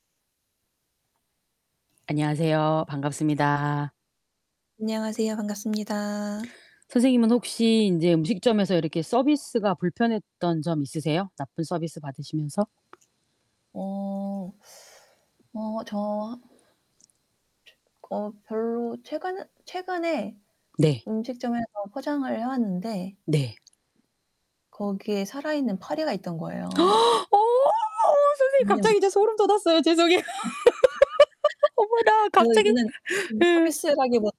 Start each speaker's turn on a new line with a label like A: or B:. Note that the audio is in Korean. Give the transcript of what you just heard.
A: 안녕하세요. 반갑습니다.
B: 안녕하세요. 반갑습니다.
A: 선생님은 혹시 인제 음식점에서 이렇게 서비스가 불편했던 점 있으세요? 나쁜 서비스 받으시면서?
B: 어. 어 저 최 그 어 별로 최근 최근에
A: 네.
B: 음식점에서 포장을 해 왔는데
A: 네.
B: 거기에 살아있는 파리가 있던 거예요.
A: 어! 선생님
B: 근데
A: 갑자기 저 소름 돋았어요. 죄송해요. 어머나
B: 그래서
A: 갑자기.
B: 이거는 음
A: 예.
B: 서비스라기보